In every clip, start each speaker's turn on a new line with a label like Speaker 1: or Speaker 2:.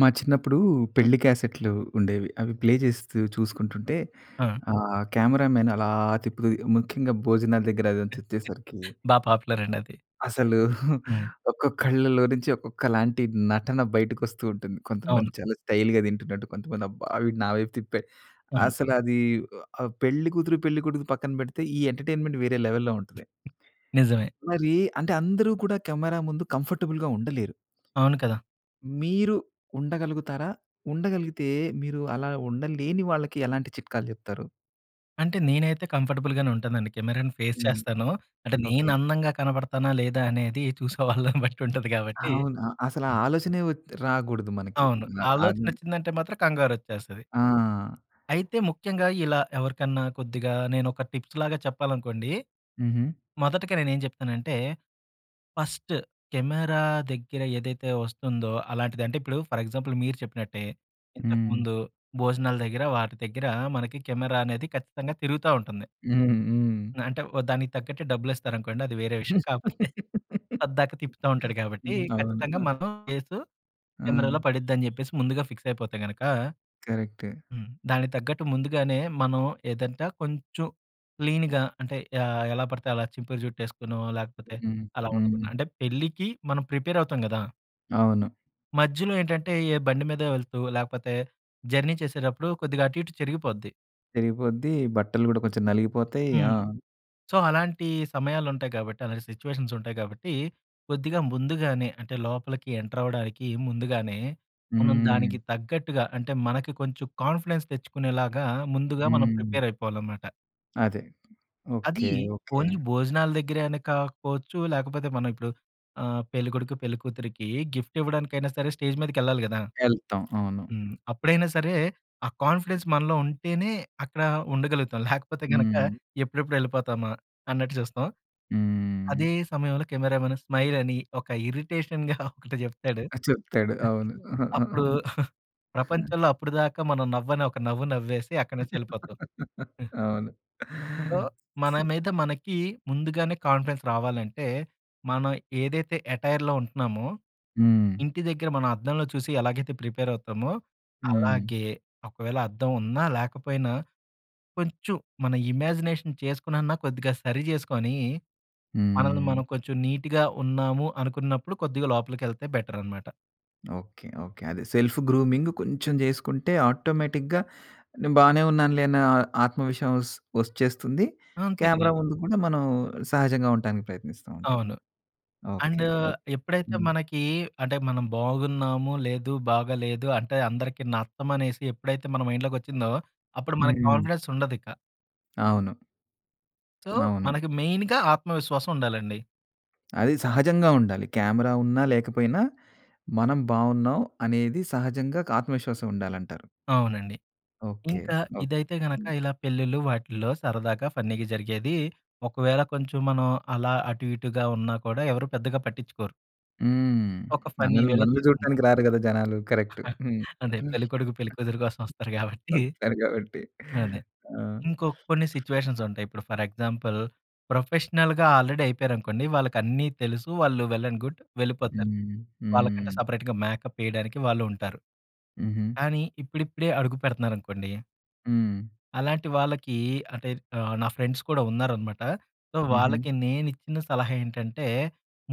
Speaker 1: మా చిన్నప్పుడూ, పెళ్ళి క్యాసెట్‌లు ఉండేవి. అవి ప్లే చేస్తూ చూసుకుంటుంటే,
Speaker 2: ఆ!
Speaker 1: ఆ కెమెరామెన్ అలా తిప్పుతూ, ముఖ్యంగా భోజనాల దగ్గర అదంతా వచ్చేసరికి
Speaker 2: బా పాపులర్ అండది.
Speaker 1: అసలు
Speaker 2: హ్మ్.
Speaker 1: ఒక్కక్కళ్ళలో నుంచి, ఒక్కొక్కలాంటి నటన బయటకొస్తూ ఉంటుంది. కొంతమంది
Speaker 2: అవును.
Speaker 1: చాలా స్టైల్‌గా దింటున్నట్టు. కొంతమంది అబ్బా! వీడు నా వైపు తిప్పాడు.
Speaker 2: అవును.
Speaker 1: అసలది ఒ ఆహ్, పెళ్ళి కూతురు, పెళ్ళికొడుకు పక్కన పెడితే, ఈ ఎంటర్టైన్మెంట్ వేరే లెవెల్‌లో ఉంటది.
Speaker 2: నిజమే!
Speaker 1: మరీ అంటే అందరూ కూడా, కెమెరా ముందు కంఫర్టబుల్‌గా ఉండలేరు.
Speaker 2: అవును కదా!
Speaker 1: మీరు ఉండగలుగుతారా? ఉండగలిగితే, మీరు అలా ఉండలేని వాళ్ళకి ఎలాంటి చిట్కాలు చెప్తారు?
Speaker 2: అంటే, నేనైతే కంఫర్టబుల్‍గానే ఉంటానండి. కెమెరాను ఫేస్
Speaker 1: హ్మ్.
Speaker 2: చేస్తాను. అంటే,
Speaker 1: ఓకే.
Speaker 2: నేనందంగా కనబడతానా లేదా అనేది, చూసే వాళ్ళని బట్టుంటది కాబట్టి
Speaker 1: అవునా. అసలు ఆ
Speaker 2: హ్మ్.
Speaker 1: ఆలోచనే వత్ రాకూడదు మనకి.
Speaker 2: అవును.
Speaker 1: న అవి
Speaker 2: ఆలోచనొచ్చిందంటే మాత్రం, కంగారొచ్చేస్తది.
Speaker 1: ఆ!
Speaker 2: అయితే, ముఖ్యంగా ఇలా ఎవరికన్నా కొద్దిగా నేనొక టిప్స్‌లాగా చెప్పాలనుకోండి.
Speaker 1: హుహు.
Speaker 2: మొదటిక నేనేం చెప్తనంటే, ఫస్ట్ కెమెరా దగ్గర ఏదైతే వస్తుందో, అలాంటిది. అంటే, ఇప్పుడు ఫర్ ఎగ్జాంపుల్ మీరు చెప్పినట్టే, ఇంతకు
Speaker 1: హ్మ్.
Speaker 2: ముందు భోజనాల దగ్గర, వాటి దగ్గర, మనకి కెమెరా అనేది, ఖచ్చితంగా తిరుగుతా ఉంటుంది.
Speaker 1: హ్మ్. హ్మ్.
Speaker 2: అంటే, వ దానికి తగ్గట్టే డబ్బులిస్తారనుకోండి. అది వేరే విషయం. కాపోతే, పద్దాక తిప్పుతా ఉంటాడు కాబట్టి,
Speaker 1: హ్మ్. అవును.
Speaker 2: ఖచ్చితంగా
Speaker 1: ఆ!
Speaker 2: మన ఫేసు
Speaker 1: ఆ!
Speaker 2: కెమెరాలో పడిద్దని చెప్పేసి, ముందుగా ఫిక్సయిపోతే గనక
Speaker 1: కరెక్టే.
Speaker 2: హ్మ్. దానికి తగ్గట్టు ముందుగానే మనం ఏదంట కొంచుం క్లీన్‌గా అంటే యాహ్! ఎలా పడితే అలా చింపురు జుట్టేసుకోనో లేకపోతే
Speaker 1: హ్మ్.
Speaker 2: అలా ఉండకుండ,
Speaker 1: హ్మ్.
Speaker 2: అంటే పెళ్ళికి మనం ప్రిపేరఅవుతాం గదా!
Speaker 1: అవును.
Speaker 2: మధ్యలో ఏంటంటే, ఏ బండి మీదో వెళ్తూ లేకపోతే జర్నీ చేసేటప్పుడు కొద్దిగా అటు, ఇటు చెరిగిపోద్ది.
Speaker 1: చెరిగిపోద్ది బట్టలు కూడా కొంచెం నలిగిపోతాయి.
Speaker 2: హ్మ్.
Speaker 1: ఆ!
Speaker 2: సో, అలాంటి సమయాలుంటాయి కాబట్టి, అలాంటి సిట్యుయేషన్స్ ఉంటాయి కాబట్టి, కొద్దిగా ముందుగానే అంటే లోపలికి ఎంటరవ్వడానికి ముందుగానే, మనం
Speaker 1: హ్మ్.
Speaker 2: దానికి తగ్గట్టుగా అంటే మనకి కొంచెం కాన్ఫిడెన్స్ తెచ్చుకునేలాగా ముందుగా మనం
Speaker 1: హ్మ్.
Speaker 2: ప్రిపేరయిపోవాలనమాట.
Speaker 1: అదే.
Speaker 2: అదీ,
Speaker 1: ఓకే, ఓకే.
Speaker 2: ఓన్లీ భోజనాల దగ్గరే అని కాకపోవచ్చు, లేకపోతే మనం ఇప్పుడు, ఆహ్, పెళ్ళికొడుకు, పెళ్ళికూతురికీ గిఫ్ట్ ఇవ్వడానికైనా సరే, స్టేజ్ మీదకెళ్ళాలి కదా!
Speaker 1: ఎళ్తాం. అవును.
Speaker 2: హ్మ్. అప్పుడైనా సరే, ఆ కాన్ఫిడెన్స్ మనలో ఉంటేనే అక్కడ ఉండగలుగుతాం. లేకపోతే గనక
Speaker 1: హ్మ్.
Speaker 2: ఎప్పుడెప్పుడు వెళ్ళిపోతామా, అన్నట్టు చూస్తాం.
Speaker 1: హ్మ్.
Speaker 2: అదే సమయంలో కెమెరామెన్ స్మైల్ అని ఒక ఇరిటెషన్‌గా ఒకటి చెప్తాడు.
Speaker 1: ఆ! చెప్తాడు. అవును.
Speaker 2: అప్పుడు, ప్రపంచంలో అప్పటిదాకా మనం నవ్వని ఒక నవ్వు నవ్వేసి, అక్కడి నుంచి ఎళ్ళిపోతాం.
Speaker 1: అవును.
Speaker 2: సో, మన మీద మనకి ముందుగానే కాన్ఫిడెన్స్ రావాలంటే, మనం ఏదైతే యటైర్‌లో ఉంటన్నామో,
Speaker 1: హ్మ్.
Speaker 2: ఇంటి దగ్గర మనం అద్దంలో చూసి ఎలాగైతే ప్రిపేర్ అవుతామో
Speaker 1: హ్మ్.
Speaker 2: అలాగే, ఒకవేళ అద్దం ఉన్నా, లేకపోయినా కొంచెం మన ఇమాజినేషన్ చేసుకునన్నా కొద్దిగా సరి చేసుకొనీ, మనల్ని
Speaker 1: హ్మ్.
Speaker 2: మనం కొంచెం నీట్‌గా ఉన్నాము, అనుకున్నప్పుడు కొద్దిగా లోపలికెళ్తే బెటరనమాట.
Speaker 1: ఓకే. ఓకే. అది సెల్ఫ్ గ్రూమింగ్ కొంచెం చేసుకుంటే ఆటోమేటిక్‌గా నే బానే ఉన్నానులే అనే ఆత్మ విశ్వసం వచ్చేస్తుంది.
Speaker 2: అంతే కదా!
Speaker 1: క్యామెరా ముందు కూడా మనం సహజంగా ఉంటానికి ప్రయత్నిస్తూ ఉంటాం.
Speaker 2: అవును.
Speaker 1: ఓకే.
Speaker 2: And
Speaker 1: okay.
Speaker 2: ఎప్పుడైతే
Speaker 1: హ్మ్.
Speaker 2: మనకి అంటే, మనం బాగున్నాము లేదు, బాగా లేదు అంటే అందరికి నచ్చం అనేసి ఎప్పుడైతే మన మైండ్‌లోకొచ్చిందో అప్పుడు మనకు
Speaker 1: హ్మ్.
Speaker 2: కాన్ఫిడెన్స్ ఉండదిక.
Speaker 1: అవును.
Speaker 2: సో,
Speaker 1: అవును.
Speaker 2: మనకి మెయిన్‌గా ఆత్మవిశ్వాసం ఉండాలండి.
Speaker 1: అది సహజంగా ఉండాలి. క్యామెరా ఉన్నా, లేకపోయినా మనం బావున్నాం అనేది సహజంగా ఒక ఆత్మవిశ్వాసం ఉండాలంటారు.
Speaker 2: అవునండి.
Speaker 1: ఓకే.
Speaker 2: ఇంకా
Speaker 1: ఓకే.
Speaker 2: ఇదైతే గనక
Speaker 1: హ్మ్.
Speaker 2: ఇలా పెళ్ళిళ్ళు వాటిల్లో సరదాగా ఫన్నీగా జరిగేది, ఒకవేళ కొంచెం మనం అలా అటు, ఇటుగా ఉన్నా కూడా ఎవరు పెద్దగా పట్టిచ్చుకోరు.
Speaker 1: హ్మ్.
Speaker 2: ఒక ఫన్ని
Speaker 1: మనల్ని,
Speaker 2: వేలో
Speaker 1: మనల్ని
Speaker 2: తీసుకుంటారు.
Speaker 1: చూడటానికి రారు కదా! జనాలు. కరెక్టు. హ్మ్.
Speaker 2: అంటే పెళ్ళికొడుకు, పెళ్లి కూతురు కోసం వస్తారు కాబట్టి.
Speaker 1: వస్తారు కాబట్టి
Speaker 2: అదే.
Speaker 1: ఆ!
Speaker 2: ఇంకో కొన్ని సిట్యుయేషన్స్ ఉంటాయి. ఇప్పుడు ఫర్ ఎగ్జాంపుల్ ప్రొఫెషనల్‌గా ఆల్రెడీ అయిపోయారనుకోండి, వాళ్ళకి అన్నీ తెలుసు. వాళ్ళు వెల్ అండ్ గుడ్. వెళ్ళిపోతారు.
Speaker 1: హ్మ్.
Speaker 2: వాళ్ళకంటే
Speaker 1: హ్మ్.
Speaker 2: సెపరేట్‌గా మేకప్ ఏయడానికి వాళ్ళుంటారు.
Speaker 1: హుహు.
Speaker 2: కానీ, ఇప్పుడిప్పుడే అడుగు పెడుతున్నారనుకోండి
Speaker 1: హ్మ్.
Speaker 2: అలాంటి వాళ్ళకీ, అంటే ఆహ్, నా ఫ్రెండ్స్ కూడా ఉన్నారనమాట. సో
Speaker 1: హుహు.
Speaker 2: వాళ్ళకి నేను ఇచ్చిన సలహా ఏంటంటే,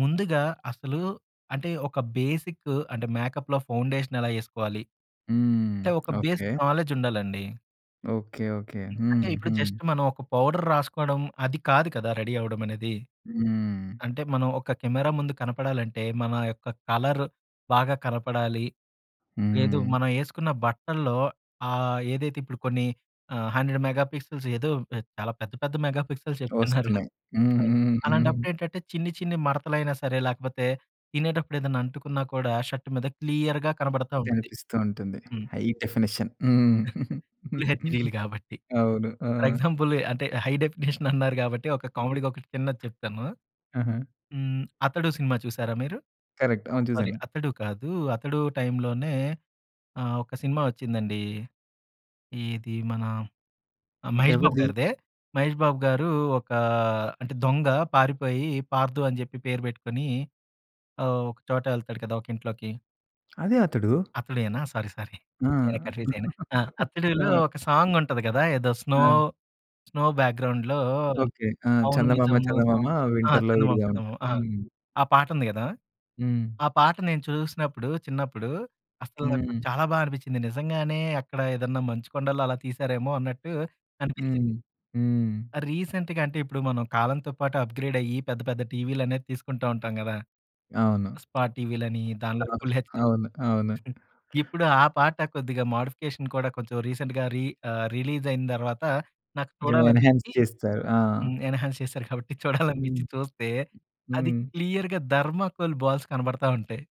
Speaker 2: ముందుగా అసలు అంటే ఒక బేసిక్ అంటే, మేకప్‌లో ఫౌండేషన్ ఎలా ఎసుకోవాలి.
Speaker 1: హ్మ్.
Speaker 2: అంటే ఒక
Speaker 1: ఓకె.
Speaker 2: బేసిక్ నాలెడ్జ్ ఉండాలండి.
Speaker 1: Okay, okay. హ్మ్,
Speaker 2: అంటే ఇప్పుడు
Speaker 1: హ్మ్.
Speaker 2: జస్ట్ మనం ఒక పౌడర్ రాసుకోవడం అది కాదు కదా రెడీ అవ్వడం అనేది.
Speaker 1: హ్మ్.
Speaker 2: అంటే మనం ఒక కెమెరా ముందు కనపడాలంటే మన యొక్క కలర్ బాగా కనపడాలి లేదు,
Speaker 1: హ్మ్.
Speaker 2: మనం వేసుకున్న బట్టల్లో ఆహ్, ఏదైతే ఇప్పుడు కొన్ని 100 మెగా పిక్సెల్స్ ఏదో చాలా పెద్ద పెద్ద మెగా పిక్సెల్స్ చెప్తున్నారు.
Speaker 1: వస్తున్నాయి. హ్మ్. హ్మ్. హ్మ్.
Speaker 2: అలాంటప్పుడు ఏంటంటే చిన్ని చిన్ని మడతలు అయినా సరే లేకపోతే తినేటప్పుడు ఏదైనా అంటుకున్నా కూడా షర్ట్ మీద క్లియర్‌గా కనబడతా ఉంటుంది.
Speaker 1: కనిపిస్తూ ఉంటుంది.
Speaker 2: హ్మ్.
Speaker 1: High definition. హ్మ్ హ్మ్.
Speaker 2: ఫుల్ హెచ్‌డిలు గాబట్టి.
Speaker 1: అవును ఆ!
Speaker 2: ఫర్ ఎగ్జాంపుల్ అంటే హై డెఫినిషన్ అన్నారు గాబట్టి ఒక కామెడీగ ఒకటి చిన్నది చెప్తాను.
Speaker 1: ఆహా!
Speaker 2: హ్మ్, 'అతడు' సినిమా చూసారా మీరు?
Speaker 1: కరెక్ట్. అవును
Speaker 2: సారీ
Speaker 1: చూసాను.
Speaker 2: అతడు కాదు అతడు టైంలోనే ఆహ్, ఒక సినిమా ఒచ్చిందండి. ఏది మన, మహేష్ బాబు
Speaker 1: ఎవరిది?
Speaker 2: గారిదే, మహేష్ బాబు గారు ఒక అంటే దొంగ పారిపోయి పార్దు అని చెప్పి పేరు పెట్టుకొని ఒక చోట వెళ్తాడు కదా. ఒక ఇంట్లోకి.
Speaker 1: అదే అతడు.
Speaker 2: అతడేనా? సారీ. సారీ.
Speaker 1: ఆ!
Speaker 2: నేనె కన్ఫ్యూజ్ అయ్యాను. ఆ!
Speaker 1: ఆ!
Speaker 2: 'అతడులో' ఒక సాంగ్ ఉంటుంది కదా! ఏదో స్నో
Speaker 1: ఆ!
Speaker 2: స్నో బ్యాక్‌గ్రౌండ్‌లో
Speaker 1: ఓకే. ఆ!
Speaker 2: 'అవును
Speaker 1: చందమామ,
Speaker 2: నిజము'
Speaker 1: చందమామ
Speaker 2: సాంగ్ ఆ!
Speaker 1: వింటర్‌లో
Speaker 2: 'చందమామ,
Speaker 1: విడిగా ఉంటది.
Speaker 2: చందమామ' ఆ!
Speaker 1: హ్మ్.
Speaker 2: ఆ పాటుంది కదా!
Speaker 1: హ్మ్.
Speaker 2: ఆ పాట నేను చూసినప్పుడు, చిన్నప్పుడు, అసలు నాకు
Speaker 1: హ్మ్.
Speaker 2: చాలా బా అనిపించింది. నిజంగానే అక్కడ ఏదన్నా మంచు కొండల్లో అలా తీశారేమో అన్నట్టు
Speaker 1: హ్మ్.
Speaker 2: అనిపించింది.
Speaker 1: హ్మ్.
Speaker 2: రీసెంట్‌గా అంటే, ఇప్పుడు మనం కాలంతో పాటు అప్‌గ్రేడ్ అయ్యి పెద్ద, పెద్ద టీవీలు అనేవి తీసుకుంటూ ఉంటాం కదా!
Speaker 1: అవును.
Speaker 2: స్పాట్ టీవీలని దాంట్లో
Speaker 1: అవును.
Speaker 2: ఫుల్ హెచ్‍డీ
Speaker 1: అవును. అవును.
Speaker 2: ఇప్పుడు ఆ పాట కొద్దిగా మోడిఫికేషన్ కూడా కొంచెం రీసెంట్‌గా రీ ఆహ్, రిలీజ్ అయిన తర్వాత నాకు
Speaker 1: కొంచెం ఎన్హాన్స్
Speaker 2: చూడాలనిపించి
Speaker 1: చేస్తారు. ఆ!
Speaker 2: హ్మ్. ఎన్‌హాన్స్ చేసారు కాబట్టి
Speaker 1: హ్మ్.
Speaker 2: చూడాలనిపించి చూస్తే, అది
Speaker 1: హ్మ్.
Speaker 2: క్లియర్‌గా థర్మాకోల్ బాల్స్ కనబడతా ఉంటాయి.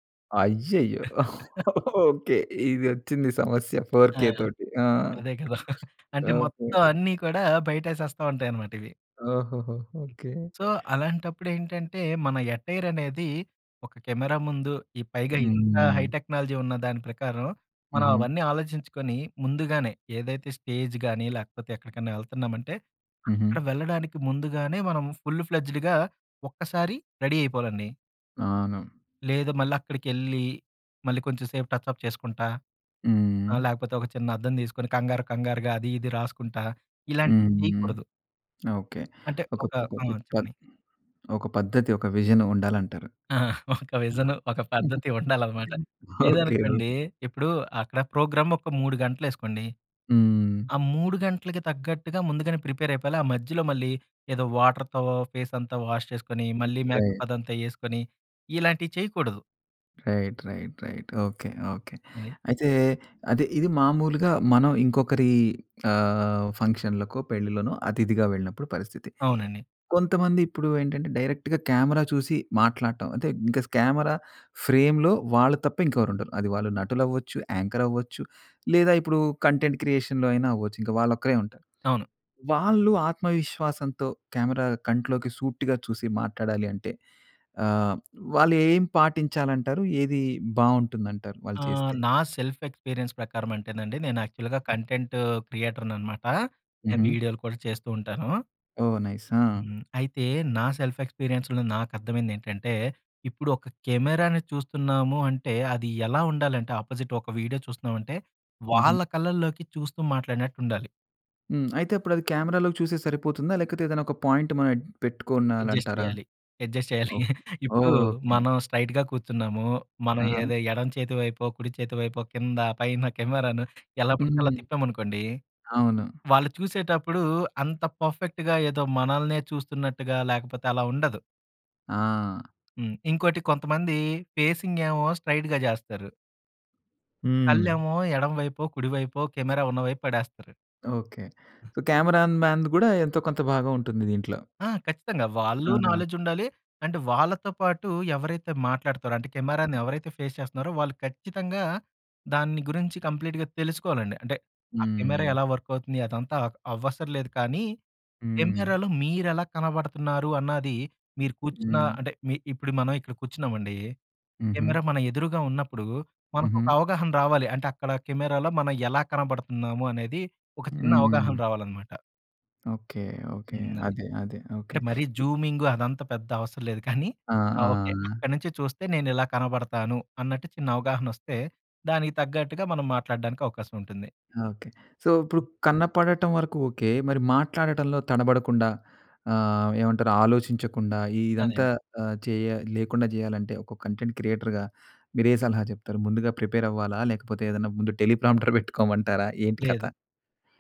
Speaker 1: అయ్యయ్యో! ఓకే. ఇదొచ్చింది సమస్య ఫోర్
Speaker 2: ఆ!
Speaker 1: కే తోటి. ఆ!
Speaker 2: అదే కదా! అంటే,
Speaker 1: ఓకే.
Speaker 2: మొత్తం అన్నీ కూడా బయటేసేస్తా ఉంటాయన్నమాట ఇవి.
Speaker 1: ఓహోహో! ఓకే.
Speaker 2: సో, అలాంటప్పుడేంటంటే, మన ఎటైర్ అనేది ఒక కెమెరా ముందు ఈ పైగా ఇంత హై
Speaker 1: హ్మ్.
Speaker 2: టెక్నాలజీ ఉన్న దాని ప్రకారం మనం
Speaker 1: హుహు.
Speaker 2: అవన్నీ ఆలోచించుకొని ముందుగానే ఏదైతే స్టేజ్‌గాని, లేకపోతే ఎక్కడికన్నా ఎళ్తన్నామంటే
Speaker 1: హుహు.
Speaker 2: అక్కడ వెళ్ళడానికి ముందుగానే మనం ఫుల్‌ప్లేజెడ్‌గా ఒక్కసారి రెడీ అయిపోవాలండి.
Speaker 1: అవును.
Speaker 2: లేదు మళ్ళక్కడికెళ్ళి, మళ్ళీ కొంచెం సేపు టచ్ అప్ చేసుకుంటా, ఆహ్,
Speaker 1: హ్మ్.
Speaker 2: లేకపోతే ఒక చిన్న అద్దం తీసుకొని, కంగారు కంగారుగా అది ఇది రాసుకుంటా,
Speaker 1: హ్మ్,
Speaker 2: ఇలాంటివి
Speaker 1: హ్మ్.
Speaker 2: చేయకూడదు.
Speaker 1: ఓకె.
Speaker 2: అంటే
Speaker 1: ఒక
Speaker 2: ఒక
Speaker 1: ఒక
Speaker 2: ఆ!
Speaker 1: పద్ద
Speaker 2: చెప్పండి.
Speaker 1: ఒక పద్ధతి, ఒక విజన్ ఉండాలంటారు.
Speaker 2: ఆ! ఒక విజన్, ఒక పద్ధతి ఉండాలనమాట.
Speaker 1: ఓకె,
Speaker 2: లేదనుకోండి,
Speaker 1: ఓకె.
Speaker 2: ఇప్పుడు అక్కడ ప్రోగ్రామ్ ఒక 3 గంటలు ఏసుకోండి.
Speaker 1: హ్మ్.
Speaker 2: ఆ 3 గంటలకి తగ్గట్టుగా ముందుగానే ప్రిపేర్ అయిపోవాలి. ఆ మధ్యలో మళ్ళీ, ఏదో వాటర్‌తో ఫేస్ అంతా వాష్ చేసుకొని, మళ్ళీ మేకప్
Speaker 1: రైట్.
Speaker 2: అదంతా వేసుకొని, ఇలాంటివి చేయకూడదు.
Speaker 1: Right, right, right. Okay, okay.
Speaker 2: అది.
Speaker 1: అయితే అదే ఇది మామూలుగా మనం ఇంకొకరి ఆహ్, ఫంక్షన్‌లకో, పెళ్ళిలోనో అతిథిగా వెళ్ళినప్పుడు పరిస్థితి.
Speaker 2: అవునండి.
Speaker 1: కొంతమంది ఇప్పుడు ఏంటంటే, డైరెక్ట్‌గా కెమెరా చూసి మాట్లాడటం అంటే, ఇంక కెమెరా ఫ్రేమ్‌లో వాళ్ళు తప్ప ఇంకెవరు ఉండరు. అది వాళ్ళు నటులవ్వచ్చు, యాంకర్ అవ్వచ్చు, లేదా ఇప్పుడు కంటెంట్ క్రియేషన్‌లో అయినా అవ్వచ్చు. ఇంకా వాళ్ళు ఒక్కరే ఉంటారు.
Speaker 2: అవును.
Speaker 1: వాళ్ళు ఆత్మవిశ్వాసంతో కెమెరా కంట్లోకి సూటిగా చూసి మాట్లాడాలి అంటే, ఆహ్, వాళ్ళు ఏం పాటించాలంటారు? ఏది బాగుంటుంది అంటారు? వాళ్ళు
Speaker 2: ఆహ్,
Speaker 1: చేస్తే.
Speaker 2: నా సెల్ఫ్ ఎక్స్పీరియన్స్ ప్రకారం అంటేనండి, నేను యాక్చువల్‌గా కంటెంట్ క్రియేటర్‍ననమాట. నేను
Speaker 1: హుహు.
Speaker 2: వీడియోలు కూడా చేస్తూ ఉంటాను.
Speaker 1: ఓహ్! నైస్ ఆ!
Speaker 2: హ్మ్. అయితే నా సెల్ఫ్ ఎక్స్‌పీరియన్స్‌లో నాకర్థమైంది ఏంటంటే, ఇప్పుడు ఒక కెమెరాని చూస్తున్నాము అంటే, అది ఎలా ఉండాలంటే అపోజిట్ ఒక వీడియో చూస్తున్నామంటే, వాళ్ళ
Speaker 1: హుహు.
Speaker 2: కళ్ళల్లోకి చూస్తూ మాట్లాడినట్టు ఉండాలి.
Speaker 1: హ్మ్. అయితే అప్పుడది కెమెరాలోకి చూస్తే సరిపోతుందా లేకతే ఏదైనా ఒక పాయింట్ మనం ఎడ్
Speaker 2: అడ్జస్ట్
Speaker 1: పెట్టుకునాలంటారా?
Speaker 2: చేయాలి. అడ్జస్ట్ చేయాలి.
Speaker 1: ఓకే.
Speaker 2: ఇప్పుడు
Speaker 1: ఓహ్! ఓకే.
Speaker 2: మనం స్ట్రెయిట్‌గా కూర్చున్నాము. మనం
Speaker 1: అహా!
Speaker 2: ఏదో ఎడమ చేతి వైపో, కుడి చేతి వైపో, కింద, పైన కెమెరాను ఎలా పడితే అలా
Speaker 1: హ్మ్.
Speaker 2: తిప్పామనుకోండి,
Speaker 1: అవును.
Speaker 2: వాళ్ళు చూసేటప్పుడు అంత పర్ఫెక్ట్‌గా ఏదో మనల్నే చూస్తున్నట్టుగా లేకపోతే అలా ఉండదు.
Speaker 1: ఆ!
Speaker 2: హ్మ్. ఇంకోటి కొంతమంది ఫేసింగ్ ఏమో స్ట్రైట్‌గా జేస్తారు.
Speaker 1: హ్మ్.
Speaker 2: కళ్ళేమో ఎడమవైపో, కుడివైపో కెమెరా ఉన్నవైపు పడేస్తారు.
Speaker 1: ఓకే. సో, కెమెరా‌‌న్‌మెన్‌ది గూడా, ఎంతో కొంత భాగం ఉంటుంది దీంట్లో.
Speaker 2: ఆ! ఖచ్చితంగా. వాళ్ళు
Speaker 1: అవునా!
Speaker 2: నాలెడ్జ్ ఉండాలి, అండ్ వాళ్ళతో పాటు ఎవరైతే మాట్లాడుతారో, అంటే కెమెరాని ఎవరైతే ఫేస్ చేస్తున్నారో వాళ్ళు ఖచ్చితంగా దాన్ని గురించి కంప్లీట్‌గా తెలుసుకోవాలండి. అంటే, ఆ కెమెరా
Speaker 1: హ్మ్.
Speaker 2: ఎలా వర్క్ అవుతుంది అదంతా అవసరలేదు కానీ
Speaker 1: హ్మ్.
Speaker 2: కెమెరాలో మీరెలా కనబడుతున్నారు అన్నది మీరు కూర్చున్న
Speaker 1: హ్మ్.
Speaker 2: అంటే మీ ఇప్పుడు మనం ఇక్కడ కూర్చున్నామండి,
Speaker 1: హుహు.
Speaker 2: కెమెరా మన ఎదురుగా ఉన్నప్పుడు మనకు ఒక
Speaker 1: హుహు.
Speaker 2: అవగాహన రావాలి అంటే, అక్కడ కెమెరాలో మనం ఎలా కనబడుతున్నాము అనేది ఒక చిన్న అవగాహన
Speaker 1: హ్మ్.
Speaker 2: రావాలనమాట.
Speaker 1: Okay, okay.
Speaker 2: హ్మ్. అది.
Speaker 1: అదే, అదే. ఓకే.
Speaker 2: అంటే, మరి జూమింగు అదంతా పెద్ద అవసరం లేదు కానీ,
Speaker 1: ఆ!
Speaker 2: ఆహ్, ఓకే.
Speaker 1: ఆ!
Speaker 2: అక్కడి నుంచి చూస్తే నేనిలా కనబడతాను, అన్నట్టు చిన్న అవగాహన వస్తే, దానికి తగ్గట్టుగా మనం మాట్లాడడానికి అవకాశం ఉంటుంది.
Speaker 1: ఓకే. సో, ఇప్పుడు కన్నపడటం వరకు ఓకే. మరి మాట్లాడటంలో తనబడకుండా ఆహ్, ఏమంటారు ఆలోచించకుండా
Speaker 2: అదే
Speaker 1: ఇదంతా
Speaker 2: అండి.
Speaker 1: ఆహ్, చేయా లేకుండా చేయాలంటే, ఒక కంటెంట్ క్రియేటర్‌గా, మీరే సలహా చెప్తారు. ముందుగా ప్రిపేరవ్వాలా? లేకపోతే ఏదైనా ముందు టెలీ ప్రాంప్టర్ పెట్టుకోమంటారా? ఏంటి
Speaker 2: లేదు.
Speaker 1: కథ!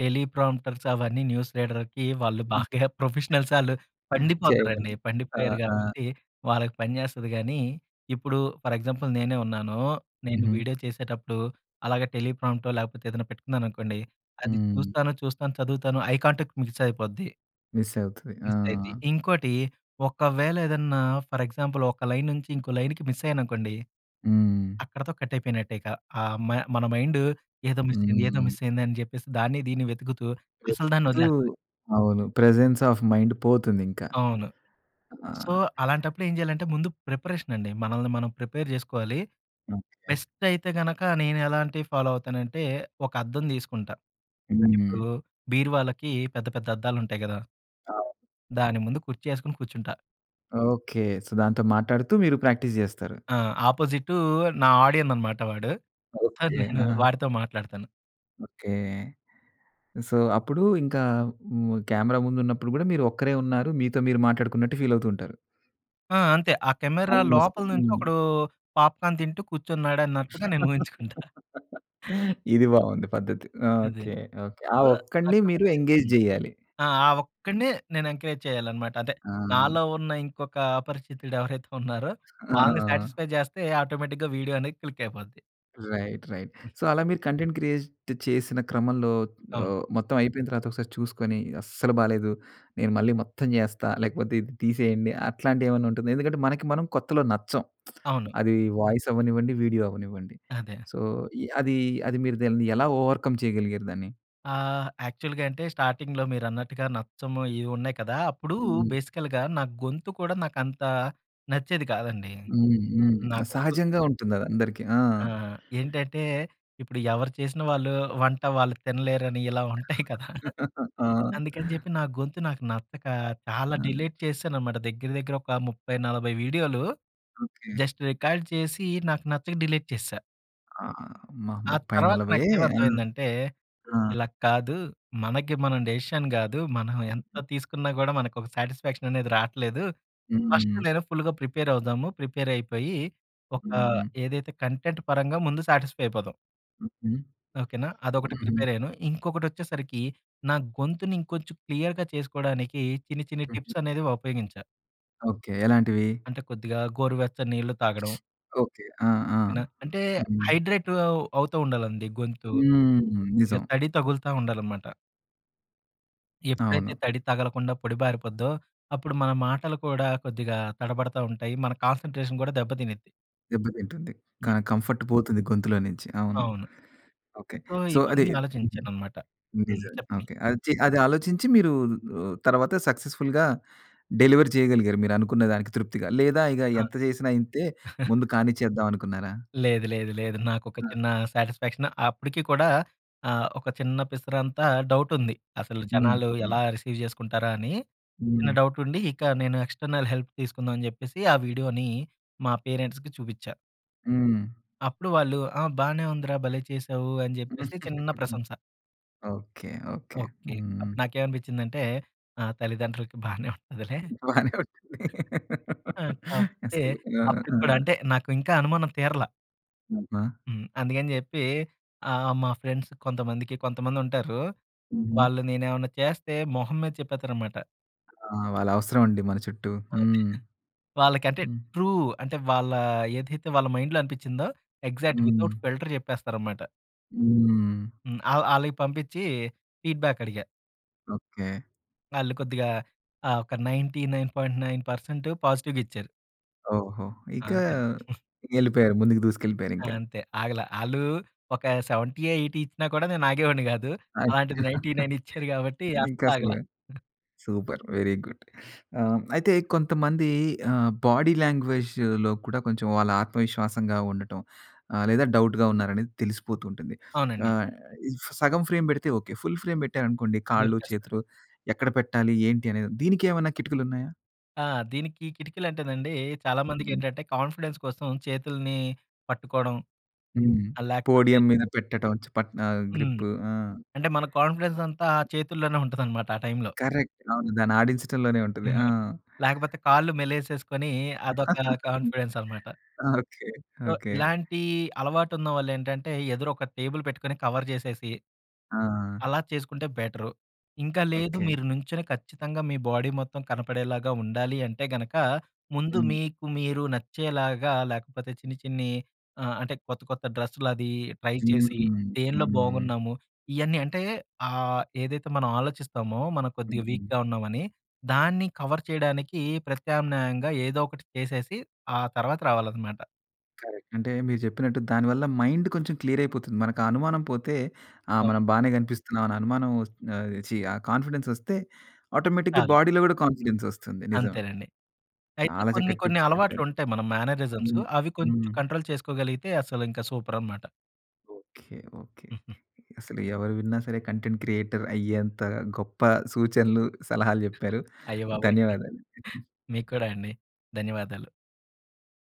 Speaker 2: టెలీ ప్రాంప్టర్స్ అవన్నీ న్యూస్ రీడర్‌కి వాళ్ళు
Speaker 1: హ్మ్.
Speaker 2: బాగా ప్రొఫెషనల్సాళ్ళు పండిపోతారండి.
Speaker 1: చేయమని. ఆ!
Speaker 2: పండిపోయారు,
Speaker 1: ఆ!
Speaker 2: కాబట్టి వాళ్ళకి పనిచేస్తది గానీ, ఇప్పుడు ఫర్ ఎగ్జాంపుల్ నేనే ఉన్నాను. నేను
Speaker 1: హుహు.
Speaker 2: వీడియో చేసేటప్పుడు, అలాగా టెలీ ప్రాంప్టో, లేకపోతే ఏదన్న పెట్టుకున్నాననుకోండి, అది
Speaker 1: హ్మ్.
Speaker 2: చూస్తాను, చూస్తాను చదువుతాను ఐ కాంటాక్ట్ మిస్ అయిపోద్ది.
Speaker 1: మిస్ అవుతది.
Speaker 2: మిస్ అయిద్ది.
Speaker 1: ఆ!
Speaker 2: ఇంకోటి, ఒకవేళ ఏదన్నా ఫర్ ఎగ్జాంపుల్ ఒక లైన్ నుంచి ఇంకో లైన్‌కి మిసయ్యాననుకోండి.
Speaker 1: హ్మ్.
Speaker 2: అక్కడితో కట్టయిపోయినట్టే ఇక, ఆహ్, మ మన మైండు ఏదో మిస్ అయ్యింది, ఏదో
Speaker 1: హ్మ్.
Speaker 2: మిస్ అయింది అని చెప్పేసి దాన్ని, దీన్ని వెతుకుతూ అసలు దాన్ని
Speaker 1: తు
Speaker 2: వదిలేస్తది.
Speaker 1: అవును ప్రెజెన్స్ ఆఫ్ మైండ్ పోతుందింకా.
Speaker 2: అవును.
Speaker 1: ఆ
Speaker 2: సో, అలాంటప్పుడేం చేయాలంటే, ముందు ప్రిపరేషనండి, మనల్ని మనం ప్రిపేర్ చేసుకోవాలి.
Speaker 1: ఓకే.
Speaker 2: బెస్టయితే గనక, నేను ఎలాంటివి ఫాలో అవుతానంటే, ఒక అద్దం తీసుకుంటా. ఇప్పుడు
Speaker 1: హ్మ్.
Speaker 2: బీరువాలకి పెద్ద, పెద్ద అద్దాలుంటయి కదా!
Speaker 1: అవును.
Speaker 2: దాని ముందు కుర్చీ ఏసుకొని కూర్చుంటా.
Speaker 1: ఓకె. సొ, దాంతో మాట్లాడుతూ మీరు ప్రాక్టీస్ చేస్తారు.
Speaker 2: ఆ! ఆపోజిటు నా ఆడియన్ అనమాట వాడు. So,
Speaker 1: okay.
Speaker 2: నేను
Speaker 1: ఆ!
Speaker 2: వాడితో మాట్లాడతాను.
Speaker 1: ఓకె. సో, అప్పుడు ఇంకా హ్మ్. కెమెరా ముందు ఉన్నప్పుడు కూడా మీరు ఒక్కరే ఉన్నారు. మీతో మీరు మాట్లాడుకున్నట్టు ఫీల్ అవుతూ ఉంటారు.
Speaker 2: ఆ! అంతే ఆ కెమెరా
Speaker 1: ఆల్‌మోస్ట్
Speaker 2: లోపల నుంచి
Speaker 1: హ్మ్.
Speaker 2: ఒకడు పాప్‌కార్న్ తింటూ కూర్చున్నాడు అన్నట్టుగా నేను ఊహించుకుంటా.
Speaker 1: ఇది బావుంది పద్ధతి. ఆ!
Speaker 2: అదే
Speaker 1: ఓకె. ఓకె. ఆ
Speaker 2: సొ,
Speaker 1: ఒక్కడిని మీరు ఎంగేజ్
Speaker 2: [unintelligible]
Speaker 1: చేయాలి.
Speaker 2: ఆ! ఒక్కడినే నేను ఎంకరేజ్ చేయాలనమాట. అంతే
Speaker 1: ఆ!
Speaker 2: నాలో ఉన్న ఇంకొక అపరిచితుడు ఎవరైతే ఉన్నారో వాళ్ళని
Speaker 1: ఆ!
Speaker 2: సాటిస్ఫై చేస్తే, ఆటోమేటిక్‌గా వీడియో అనేది క్లిక్ అయిపోద్ది.
Speaker 1: Right, right.
Speaker 2: హ్మ్.
Speaker 1: సో, అలా మీరు కంటెంట్ క్రియేట్ చేసిన క్రమంలో
Speaker 2: అవును.
Speaker 1: ఆహ్, మొత్తం అయిపోయిన తర్వాత ఒకసారి చూసుకొని అస్సలు బాలేదు. నేను మళ్ళీ మొత్తం చేస్తా. లేకపోతే ఇది తీసేయండి. అట్లాంటివి ఏమన్నా ఉంటుందా? ఎందు కంటే మనకి మనం కొత్తలో నచ్చం.
Speaker 2: అవును.
Speaker 1: అది వాయిస్ అవ్వనివ్వండి, వీడియో అవ్వనివ్వండి.
Speaker 2: అదే. అ
Speaker 1: సో, ఇ అది అది మీరు దాన్ని ఎలా ఓవర్‌కమ్ చేయగలిగారు దాన్ని?
Speaker 2: ఆహ్, యాక్చువల్‌గా అంటే స్టార్టింగ్‌లో మీరన్నట్టుగా నచ్చము ఏవో ఉన్నాయి కదా! అప్పుడు
Speaker 1: హ్మ్.
Speaker 2: బేసికల్‌గా నా గొంతు కూడా నాకు అంత నచ్చేది కాదండి.
Speaker 1: హ్మ్. హ్మ్.
Speaker 2: నా గొంతు
Speaker 1: సహజంగా ఉంటుంది. అది అందరికి ఆ!
Speaker 2: ఆ! ఏంటంటే ఇప్పుడు ఎవరు చేసిన వాళ్ళు వంట వాళ్ళు తినలేరని ఇలా ఉంటాయి కదా!
Speaker 1: ఆ!
Speaker 2: అందుకని చెప్పి, నా గొంతు నాకు నచ్చక చాలా
Speaker 1: ఆ!
Speaker 2: డిలీట్ చేశాననమాట. దగ్గర, దగ్గర ఒక 30, 40 వీడియోలు
Speaker 1: ఓకె.
Speaker 2: జస్ట్ రికార్డ్ చేసి నాకు నచ్చక డిలీట్ చేసేసా.
Speaker 1: ఆ! అమ్మ!
Speaker 2: ఆ
Speaker 1: ముప్పై
Speaker 2: తర్వాత
Speaker 1: నలభైయే!
Speaker 2: నాకేం
Speaker 1: హ్మ్.
Speaker 2: అర్థమైందంటే,
Speaker 1: ఆ!
Speaker 2: "ఇలా కాదు మనకి మనం డిసిషన్ కాదు. మనం ఎంత తీసుకున్నా కూడా మనకు ఒక సాటిస్ఫాక్షన్ అనేది రావట్లేదు. ఫస్ట్
Speaker 1: హ్మ్.
Speaker 2: నేను ఫుల్‌గా ప్రిపేర్ అవుదాము, ప్రిపేర్ అయిపోయి ఒక
Speaker 1: హ్మ్.
Speaker 2: ఏదైతే కంటెంట్ పరంగా ముందు సాటిస్‌ఫై అయిపోదాం".
Speaker 1: హుహు.
Speaker 2: ఓకేనా! అదొకటి
Speaker 1: హుహు.
Speaker 2: ప్రిపేర్ అయ్యాను. ఇంకొకటి వచ్చేసరికి నా గొంతుని ఇంకొంచెం క్లియర్‌గా చేసుకోవడానికి చిన్ని చిన్ని
Speaker 1: హుహు.
Speaker 2: టిప్స్ అనేవి ఉపయోగించా.
Speaker 1: ఓకే. ఎలాంటివి?
Speaker 2: అంటే కొద్దిగా గోరువెచ్చ నీళ్లు తాగడం.
Speaker 1: ఓకే. ఆ! ఆ!
Speaker 2: ఓకేనా! అంటే
Speaker 1: హ్మ్.
Speaker 2: హైడ్రేట్ అవ్ అవుతూ ఉండాలండి గొంతు.
Speaker 1: హ్మ్.
Speaker 2: కొద్దిగా
Speaker 1: నిజం.
Speaker 2: తడి తగులుతా ఉండాలన్నమాట. ఎప్పుడైతే
Speaker 1: అవును.
Speaker 2: తడి తగలకుండా పొడి బారిపోద్దో, అప్పుడు మన మాటలు కూడా కొద్దిగా తడబడతా ఉంటాయి. మన కాన్సంట్రేషన్ కూడా దెబ్బ తినిద్ది.
Speaker 1: దెబ్బతింటుంది. కానీ, కంఫర్ట్ పోతుంది గొంతులో నుంచి అవును.
Speaker 2: అవును.
Speaker 1: ఓకే.
Speaker 2: సో,
Speaker 1: సొ, అది
Speaker 2: ఇవన్నీ ఆలోచించానన్నమాట. హ్మ్
Speaker 1: నిజమే.
Speaker 2: చెప్పండి.
Speaker 1: ఓకే. అదొచ్చి అది ఆలోచించి మీరు రు తర్వాత సక్సెస్ఫుల్‌గా డెలివర్ చేయగలిగారు మీరు అనుకున్న దానికి తృప్తిగా లేదా ఇగ
Speaker 2: ఆ!
Speaker 1: ఎంత చేసినా ఇంతే ముందు కానిచ్చేద్దాం అనుకున్నారా?
Speaker 2: లేదు, లేదు, లేదు. నాకొక
Speaker 1: ఆ!
Speaker 2: చిన్న సాటిస్ఫాక్షన్ అప్పటికి కూడా ఆహ్, ఒక చిన్న పిసరంతా డౌట్ ఉంది. అసలు
Speaker 1: హ్మ్.
Speaker 2: జనాలు ఎలా
Speaker 1: హ్మ్.
Speaker 2: రిసీవ్ చేసుకుంటారా అని చిన్న
Speaker 1: హ్మ్.
Speaker 2: డౌట్ ఉండి ఇక నేను ఎక్స్టర్నల్ హెల్ప్ తీసుకుందాం అని చెప్పేసి ఆ వీడియోని మా పేరెంట్స్‌కి చూపిచ్చా.
Speaker 1: హ్మ్.
Speaker 2: అప్పుడు వాళ్ళు ,"ఆ! బాగానే ఉందిరా భలే చేసావు" అని చెప్పేసి చిన్న ప్రశంస.
Speaker 1: ఓకే. ఓకే.
Speaker 2: ఓకే.
Speaker 1: హ్మ్. హ్మ్.
Speaker 2: అప్పుడు నాకేమనిపించిందంటే, ఆ తల్లిదండ్రులకి బానే ఉంటదిలే
Speaker 1: బానే ఉంటుంది
Speaker 2: ఆ! కాకపోతే,
Speaker 1: అసలు. ఆ!
Speaker 2: అప్పుడు
Speaker 1: ఆ!
Speaker 2: కూడా అంటే, నాకు ఇంకా అనుమానం తీరల.
Speaker 1: అబ్బా!
Speaker 2: హ్మ్. అందుకని చెప్పి ఆహ్, మా ఫ్రెండ్స్ కొంతమందికి కొంతమందుంటారు.
Speaker 1: హుహు.
Speaker 2: వాళ్ళు నేనేమన్నా చేస్తే మొహం మీద చెప్పేత్తారనమాట.
Speaker 1: ఆ! వాళ్ళ అవసరం అండి మన చుట్టూ.
Speaker 2: అదే.
Speaker 1: హ్మ్.
Speaker 2: వాళ్ళకంటే,
Speaker 1: హ్మ్.
Speaker 2: ట్రూ. అంటే, వాళ్ళ ఏదైతే వాళ్ళ మైండ్‌లో అనిపించిందో, యక్సాక్ట్ విత్అవుట్
Speaker 1: హ్మ్.
Speaker 2: ఫిల్టర్ చెప్పేస్తారన్నమాట.
Speaker 1: హ్మ్.
Speaker 2: హ్మ్. ఆ ఆళ్ళవి పంపించి ఫీడ్ బ్యాక్ అడిగా.
Speaker 1: ఓకే.
Speaker 2: ఆళ్ళు కొద్దిగా ఆహ్, ఒక 99.9% పాజిటివ్‌గా ఇచ్చారు.
Speaker 1: ఓహో!
Speaker 2: ఆ!
Speaker 1: ఇక
Speaker 2: అంతే.
Speaker 1: ఎళ్ళిపోయారు. ముందుకు దూసుకెళ్ళిపోయారు
Speaker 2: ఆ!
Speaker 1: ఇంకా.
Speaker 2: అంతే. ఆగల. ఆళ్ళు ఒక 70, 80 ఇచ్చినా కూడా నేను ఆగేవాడిని కాదు.
Speaker 1: అయ్యో!
Speaker 2: అలాంటిది, నైంటీ నైన్ ఇచ్చారు కాబట్టి
Speaker 1: ఇంకా
Speaker 2: అస్సలాగల.
Speaker 1: అసలు సూపర్! Very good. ఆ! అయితే కొంతమంది ఆహ్, బాడీ లాంగ్వేజ్‌లో కూడా కొంచెం వాళ్ళ ఆత్మవిశ్వాసంగా ఉండటం, ఆహ్, లేదా డౌట్‌గా ఉన్నారనేది తెలిసిపోతూ ఉంటుంది.
Speaker 2: అవునండి.
Speaker 1: ఆహ్, సగం ఫ్రేమ్ పెడితే ఓకే. ఫుల్ ఫ్రేమ్ పెట్టారనుకోండి కాళ్ళు,
Speaker 2: దొరికేస్తారా.
Speaker 1: చేతులు ఎక్కడ పెట్టాలి? ఏంటి అనేది దీనికేమన్నా కిటికలున్నాయా?
Speaker 2: ఆ! దీనికి కిటికీలంటేనండి, చాలామందికేంటంటే కాన్ఫిడెన్స్ కోసం చేతుల్ని పట్టుకోవడం,
Speaker 1: హ్మ్.
Speaker 2: ఆహ్, లేకపోతే
Speaker 1: పోడియం మీద పెట్టడం చె పట్టన
Speaker 2: హ్మ్.
Speaker 1: గ్రిప్. ఆ!
Speaker 2: అంటే మన కాన్ఫిడెన్స్ అంతా ఆ చేతుల్లోనే ఉంటదన్నమాట, ఆ టైంలో.
Speaker 1: కరెక్ట్. అవును దాన్ని ఆడించడంలోనే ఉంటది. ఆ!
Speaker 2: లేకపోతే కాళ్ళు మెలేసేసుకొని అదొక కాన్ఫిడెన్స్ అనమాట.
Speaker 1: Okay,
Speaker 2: so,
Speaker 1: okay.
Speaker 2: ఇలాంటి అలవాటున్నవాళ్లేంటంటే, ఎదురు ఒక టేబుల్ పెట్టుకొని కవర్ చేసేసి
Speaker 1: ఆ!
Speaker 2: అలా చేసుకుంటే బెటరు. ఇంకా లేదు
Speaker 1: ఓకె.
Speaker 2: మీరు నించొని ఖచ్చితంగా, మీ బాడీ మొత్తం కనపడేలాగా ఉండాలి అంటే గనక, ముందు
Speaker 1: హ్మ్.
Speaker 2: మీకు మీరు నచ్చేలాగా, లేకపోతే చిన్ని చిన్ని ఆహ్, అంటే కొత్త కొత్త డ్రెస్సులది ట్రై
Speaker 1: హ్మ్,
Speaker 2: చేసి,
Speaker 1: హ్మ్.
Speaker 2: దేనిలో
Speaker 1: హ్మ్.
Speaker 2: బాగున్నాము? ఇయన్నీ అంటే ఆహ్, ఏదైతే మనం ఆలోచిస్తామో, మనం కొద్దిగా వీక్‍గా ఉన్నామని. దాన్ని కవర్ చేయడానికి ప్రత్యామ్నాయంగా ఏదో ఒకటి చేసేసి, ఆ తర్వాత రావాలనమాట.
Speaker 1: కరెక్ట్. అంటే మీరు చెప్పినట్టు, దాని వల్ల మైండ్ కొంచెం క్లియర్ అయిపోతుంది. మనకు ఆ అనుమానం పోతే, ఆ!
Speaker 2: అవును.
Speaker 1: మనం బానే కనిపిస్తున్నాం అని అనుమానం వస్తు ఆహ్, ఛీ! ఆ కాన్ఫిడెన్స్ వస్తే, ఆటోమేటిక్‌గా
Speaker 2: కాదు.
Speaker 1: బాడీలో కూడా
Speaker 2: హ్మ్,
Speaker 1: కాన్ఫిడెన్స్ వస్తుంది నిజం.
Speaker 2: అంతేనండి. అయితే
Speaker 1: చాలా
Speaker 2: కొన్ని
Speaker 1: చక్కటి
Speaker 2: కొన్ని
Speaker 1: టిప్స్ చెప్పారు.
Speaker 2: అలవాట్లుంటాయి మన మ్యానరిజమ్సు.
Speaker 1: హ్మ్.
Speaker 2: అవి కొంచెం
Speaker 1: హ్మ్.
Speaker 2: కంట్రోల్ చేసుకోగలిగితే, అసలు ఇంకా సూపర్ అనమాట.
Speaker 1: ఓకె. ఓకె. అసలు ఎవరు విన్న సరే కంటెంట్ క్రియేటర్ అయ్యేంత గొప్ప సూచనలు, సలహాలు చెప్పారు.
Speaker 2: అయ్యబాబోయ్!
Speaker 1: ధన్యవాదాలు.
Speaker 2: మీక్కూడా అండి. ధన్యవాదాలు.